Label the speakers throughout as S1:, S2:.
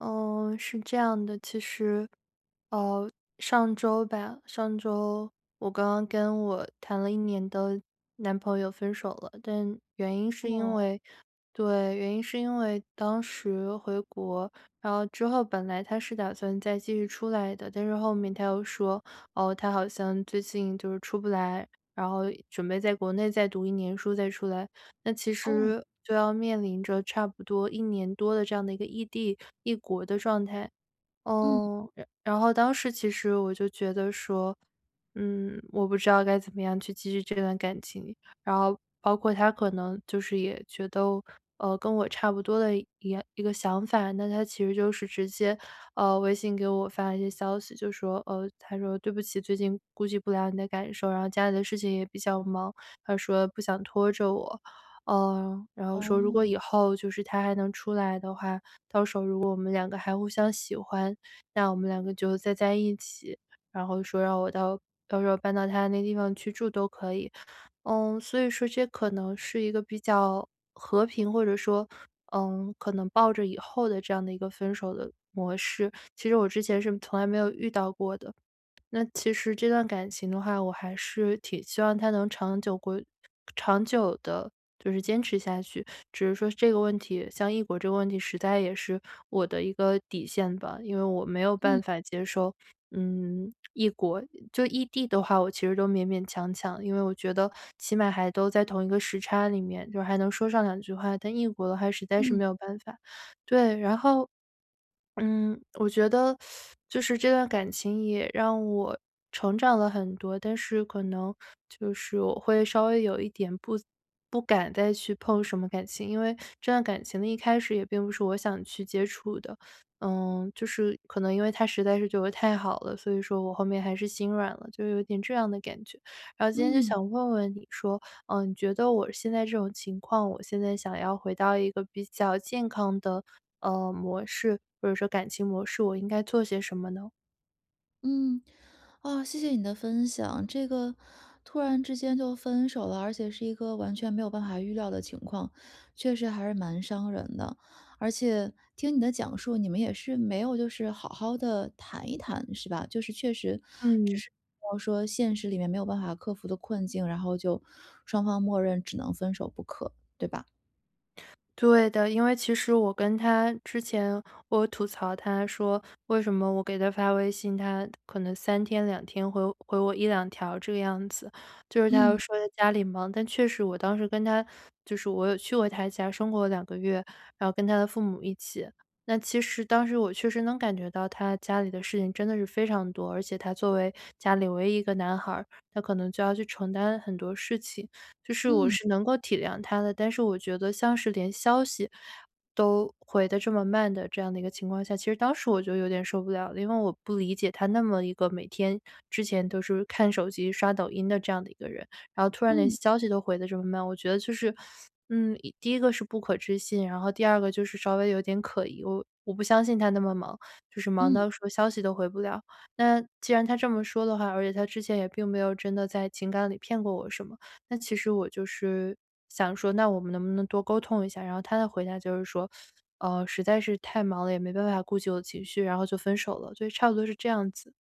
S1: 嗯，是这样的，其实，呃，上周吧，上周我刚刚跟我谈了1年的男朋友分手了。但原因是因
S2: 嗯。
S1: 为对，原因是因为当时回国，然后之后本来他是打算再继续出来的。但是后面他又说，哦，他好像最近就是出不来，然后准备在国内再读1年书再出来。那其
S2: 哦。
S1: 实就要面临着差不多1年多的这样的一个异地、异国的状态。
S2: 嗯。
S1: 嗯，然然后当时其实我就觉得说，嗯，我不知道该怎么样去继续这段感情，然后包括他可能就是也觉得，呃，跟我差不多的一一样一个想法。那他其实就是直接，呃，微信给我发了一些消息，就说，呃，他说对不起，最近顾及不了你的感受，然后家里的事情也比较忙，他说不想拖着我。呃，然后说如果
S2: 哦。
S1: 以后就是他还能出来的话，到时候如果我们两个还互相喜欢，那我们两个就再在一起。然后说让我到到时候搬到他那地方去住都可以。嗯，所以说这可能是一个比较和平或者说，嗯，可能抱着以后的这样的一个分手的模式，其实我之前是从来没有遇到过的。那其实这段感情的话，我还是挺希望它能长久归长久地就是坚持下去。只是说这个问题像异国这个问题实在也是我的一个底线吧。因为我没有办
S2: 嗯。
S1: 法接受，嗯，异国。就异地的话，我其实都勉勉强强，因为我觉得起码还都在同一个时差里面，就是还能说上两句话，但异国的话实在是
S2: 嗯。
S1: 没有办法。对，然后，嗯，我觉得 就是这段感情也让我成长了很多，但是可能就是我会稍微有一点不不敢再去碰什么感情。因为这段感情的一开始也并不是我想去接触的，呃，就是可能因为他实在是对我太好了，所以说我后面还是心软了，就有点这样的感觉。然后今天就
S2: 嗯。
S1: 想问问你说，呃，你觉得我现在这种情况，我现在想要回到一个比较健康的，呃，模式，或者说感情模式，我应该做些什么呢？
S2: 嗯，啊，谢谢你的分享。这个突然之间就分手了，而且是一个完全没有办法预料的情况，确实还是蛮伤人的。而且听你的讲述，你们也是没有就是好好地谈一谈是吧，就是确实就
S1: 嗯。
S2: 是比方说现实里面没有办法克服的困境，然后就双方默认只能分手不可，对吧？
S1: 对的，因为其实我跟他之前我吐槽他说，为什么我给他发微信，他可能3天、2天回回我1-2条这个样子。就是他又
S2: 嗯。
S1: 说他家里忙，但确实我当时跟他就是我有去过他家生活了2个月，然后跟他的父母一起，那其实当时我确实能感觉到他家里的事情真的是非常多，而且他作为家里唯一一个男孩儿，他可能就要去承担很多事情，就是我
S2: 嗯。
S1: 是能够体谅他的。但是我觉得像是连消息，都回得这么慢的这样的一个情况下，其实当时我就有点受不了了，因为我不理解他那么一个每天之前都是看手机、刷抖音的这样的一个人，然后突然连
S2: 嗯。
S1: 消息都回得这么慢。我觉得就是，嗯，一第一个是不可置信，然后第二个就是稍微有点可疑。我我不相信他那么忙，就是忙
S2: 嗯。
S1: 到说消息都回不了。那既然他这么说的话，而且他之前也并没有真的在情感里骗过我什么，那其实我就是想说那我们能不能多沟通一下，然后他的回答就是说，呃，实在是太忙了，也没办法顾及我的情绪，然后就分手了。所以差不多是这样子。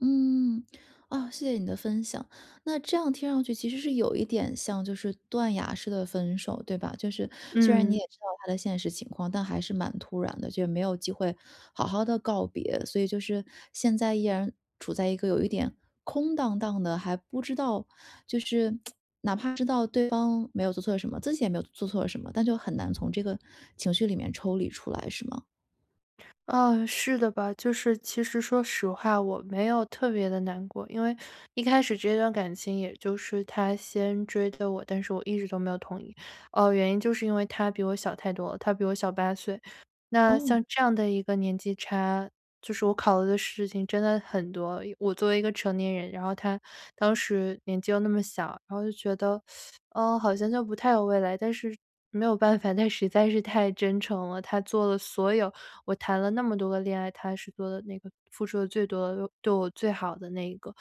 S2: 嗯，啊，谢谢你的分享。那这样听上去其实是有一点像就是断崖式的分手，对吧？就是虽然你也
S1: 嗯。
S2: 知道他的现实情况，但还是蛮突然的，就是没有机会好好地告别。所以就是，现在依然处在一个有一点空荡荡的，还不知道就是 哪怕知道对方没有做错什么，自己也没有做做错什么，但就很难从这个情绪里面抽离出来，是吗？
S1: 呃，是的吧。就是其实说实话，我没有特别地难过。因为一开始这段感情也就是他先追的我，但是我一直都没有同意。呃，原因就是因为他比我小太多了，他比我小8岁。那
S2: 哦。
S1: 像这样的一个年纪差，就是我考虑的事情真的很多。因我作为一个成年人，然后他当时年纪又那么小，然后就觉得 呃，好像就不太有未来。但是没有办法，他实在是太真诚了。他做了所有我谈了那么多个恋爱，他是做得那个付出得最多的、对我最好的那一个。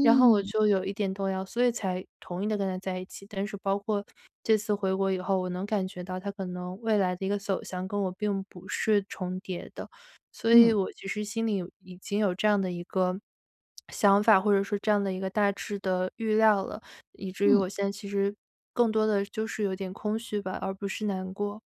S1: 然后我就有一点动摇，所以才同意的跟他在一起。但是包括这次回国以后，我能感觉到他可能未来的一个走向跟我并不是重叠的。所以
S2: 嗯。
S1: 我其实心里有已经有这样的一个 想法，或者说这样的一个大致的预料了。以至于
S2: 嗯。
S1: 我现在其实，更多的就是有点空虚吧，而不是难过。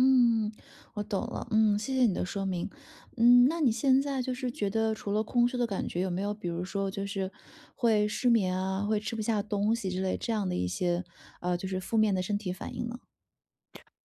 S2: 嗯，我懂了。嗯，谢谢你的说明。嗯，那你现在就是觉得除了空虚的感觉，有没有比如说就是会失眠啊，会吃不下东西之类这样的一些，呃，就是负面的身体反应呢？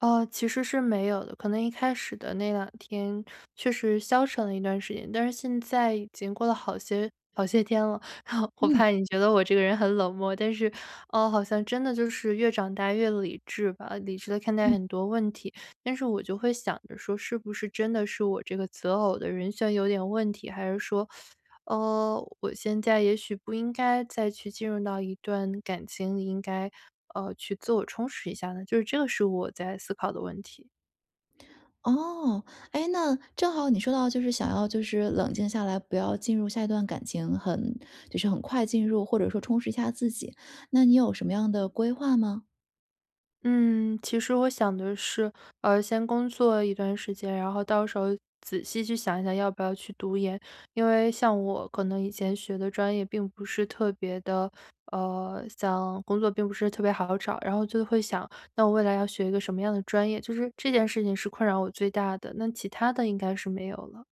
S1: 呃，其实是没有的。可能一开始的那两天确实消沉了一段时间，但是现在已经过了好些好些天了。我
S2: 嗯。
S1: 怕你觉得我这个人很冷漠，但是，呃，好像真的就是越长大越理智吧，理智地看待
S2: 嗯。
S1: 很多问题。但是我就会想着说是不是真的是我这个择偶的人选有点问题，还是说，呃，我现在也许不应该再去进入到一段感情，应该，呃，去自我充实一下呢？就是这个是我在思考的问题。
S2: 哦，哎，那正好你说到就是想要就是冷静下来，不要进入下一段感情，很就是很快进入，或者说充实一下自己，那你有什么样的规划吗？
S1: 嗯，其实我想的是，呃，先工作一段时间，然后到时候仔细去想一想要不要去读研。因为像我可能以前学的专业并不是特别地呃，想工作并不是特别好找，然后就会想，那我未来要学一个什么样的专业，就是这件事情是困扰我最大的，那其他的应该是没有了。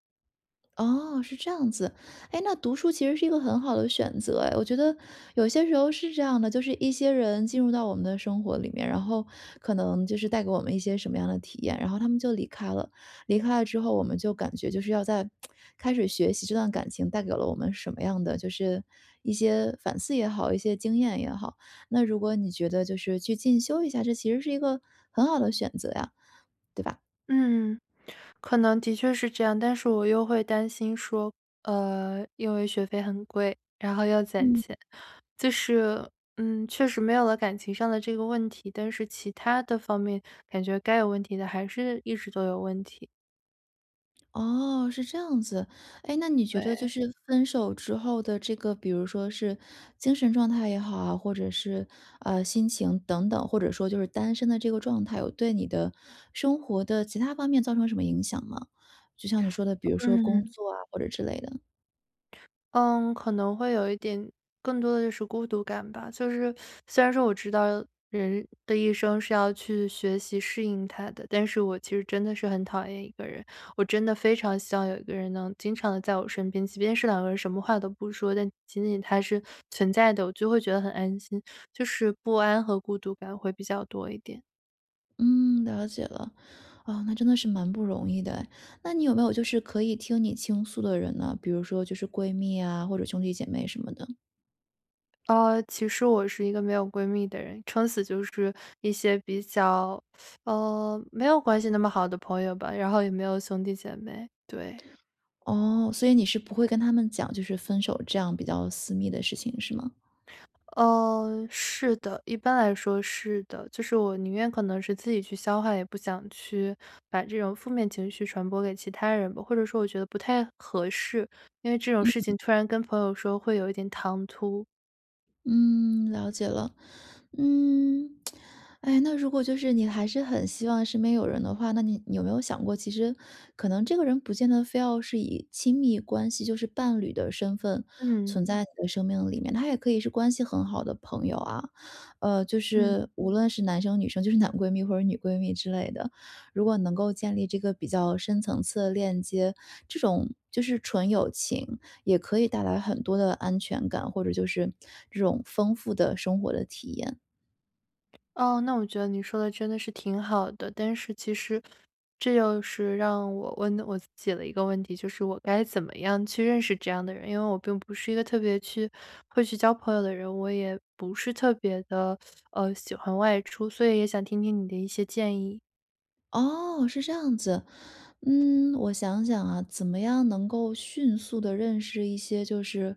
S2: 哦，是这样子。哎，那读书其实是一个很好的选择哎。我觉得有些时候是这样的，就是一些人进入到我们的生活里面，然后可能就是带给我们一些什么样的体验，然后他们就离开了。离开了之后，我们就感觉就是要再 开始学习这段感情带给了我们什么样的就是，一些反思也好，一些经验也好。那如果你觉得就是去进修一下，这其实是一个很好的选择呀，对吧？
S1: 嗯，可能的确是这样，但是我又会担心说，呃，因为学费很贵，然后要攒
S2: 嗯。
S1: 钱。就是，嗯，确实没有了感情上的这个问题，但是其他的方面，感觉该有问题的还是一直都有问题。
S2: 哦，是这样子。哎，那你觉得就
S1: 对。
S2: 是分手之后的这个比如说是精神状态也好啊，或者是，呃，心情等等，或者说就是单身的这个状态有对你的生活的其他方面造成什么影响吗？就像你说的，比如说工
S1: 嗯。
S2: 作啊或者之类的。
S1: 嗯，可能会有一点更多的就是孤独感吧。虽然说虽然说我知道人的一生是要去学习适应它的，但是我其实真的是很讨厌一个人。我真的非常希望有一个人能经常地在我身边，即便是两个人，什么话都不说，但仅仅他是存在的，我就会觉得很安心。就是不安和孤独感会比较多一点。
S2: 嗯，了解了。啊，那真的是蛮不容易的哎。那你有没有就是可以听你倾诉的人呢？比如说就是闺蜜啊，或者兄弟姐妹什么的？
S1: 呃，其实我是一个没有闺蜜的人。撑死就是一些比较 呃，没有关系那么好的朋友吧，然后也没有兄弟姐妹。对。
S2: 哦，所以你是不会跟他们讲，就是分手这样比较私密的事情，是吗？
S1: 呃，是的，一般来说是的。就是我宁愿可能是自己去消化，也不想去把这种负面情绪传播给其他人吧。或者说我觉得不太合适，因为这种
S2: 嗯
S1: 事
S2: 嗯。
S1: 情突然跟朋友说会有一点唐突。
S2: 嗯，了解了。嗯，哎，那如果就是你还是很希望身边有人的话，那你你有没有想过其实可能这个人不见得非要是以亲密关系就是伴侣的身份
S1: 嗯。
S2: 存在你的生命里面，他也可以是关系很好的朋友啊。呃，就
S1: 嗯。
S2: 是，无论是男生女生，就是男闺蜜或者女闺蜜之类的。如果能够建立这个比较深层次的链接，这种，就是纯友情也可以带来很多的安全感，或者就是，这种丰富的生活的体验。
S1: 哦，那我觉得你说得真的是挺好的。但是其实，这又是让我问的我自己了一个问题，就是我该怎么样去认识这样的人？因为我并不是一个特别去会去交朋友的人，我也不是特别地，呃，喜欢外出，所以也想听听你的一些建议。
S2: 哦，是这样子。嗯，我想想啊，怎么样能够迅速地认识一些就是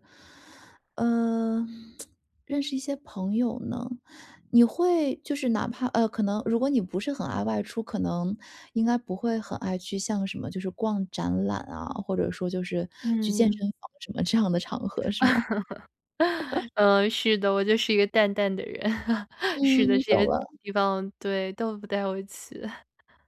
S2: 呃，认识一些朋友呢？你会就是哪怕呃，可能如果你不是很爱外出，可能，应该不会很爱去像什么就是逛展览啊，或者说就是去健
S1: 嗯。
S2: 身房什么这样的场合是吗？
S1: 呃，是的，我就是一个淡淡的人，是的，
S2: 嗯，
S1: 这
S2: 懂
S1: 些
S2: 了。
S1: 地方对，都不太会去。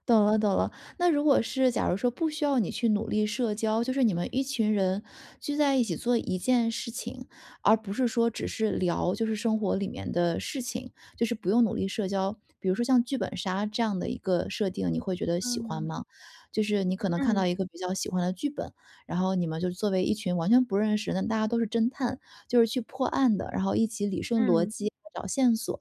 S2: 懂了懂了。那如果是，假如说不需要你去努力社交，就是你们一群人，聚在一起做一件事情，而不是说只是聊就是生活里面的事情，就是不用努力社交。比如说像剧本杀这样的一个设定，你会觉得喜欢
S1: 嗯。
S2: 吗？就是你可能看到
S1: 嗯。
S2: 一个比较喜欢的剧本，然后你们就作为一群完全不认识的人，但大家都是侦探，就是去破案的，然后一起理顺逻
S1: 嗯。
S2: 辑，找线索。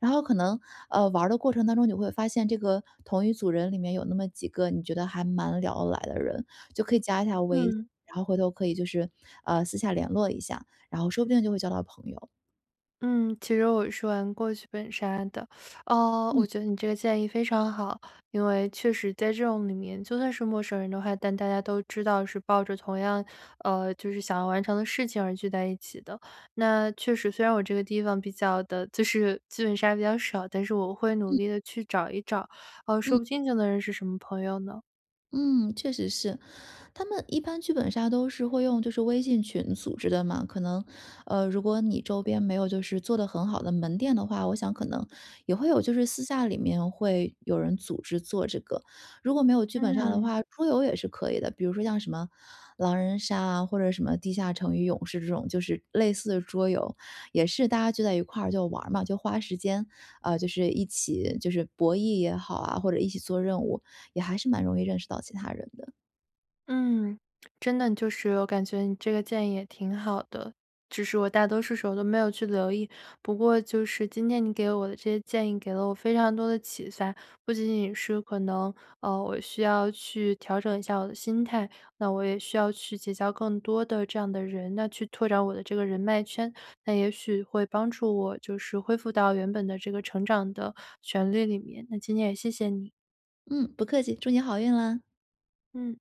S2: 然后可能，呃，玩儿的过程当中你会发现这个，同一组人里面有那么几个你觉得还蛮聊得来的人，就可以加一下微信。
S1: 嗯。
S2: 然后回头可以就是，呃，私下联络一下，然后说不定就会交到朋友。
S1: 嗯，其实我是玩过剧本杀的。呃，
S2: 嗯。
S1: 我觉得你这个建议非常好，因为确实在这种里面就算是陌生人的话，但大家都知道是抱着同样，呃，就是想要完成的事情而聚在一起的。那确实虽然我这个地方比较的就是剧本杀比较少，但是我会努
S2: 嗯。
S1: 力地去找一找，呃，
S2: 嗯。
S1: 说不定就能认识什么朋友呢？
S2: 嗯，确实是。他们一般剧本杀都是会用就是微信群组织的嘛，可能，呃，如果你周边没有就是做得很好的门店的话，我想可能也会有就是私下里面会有人组织做这个。如果没有剧本杀的
S1: 嗯。
S2: 话，桌游也是可以的。比如说像什么狼人杀啊，或者什么地下城与勇士这种就是类似的桌游。也是大家聚在一块儿就玩儿嘛，就花时间，呃，就是一起就是博弈也好啊，或者一起做任务，也还是蛮容易认识到其他人的。
S1: 嗯，真的就是我感觉你这个建议也挺好的。只是我大多数时候都没有去留意，不过就是今天你给我的这些建议给了我非常多的启发。不仅仅是可能，呃，我需要去调整一下我的心态，那我也需要去结交更多的这样的人那去拓展我的这个人脉圈，那也许会帮助我就是恢复到原本的这个成长的旋律里面。那今天也谢谢你。
S2: 嗯，不客气，祝你好运啦。
S1: 嗯。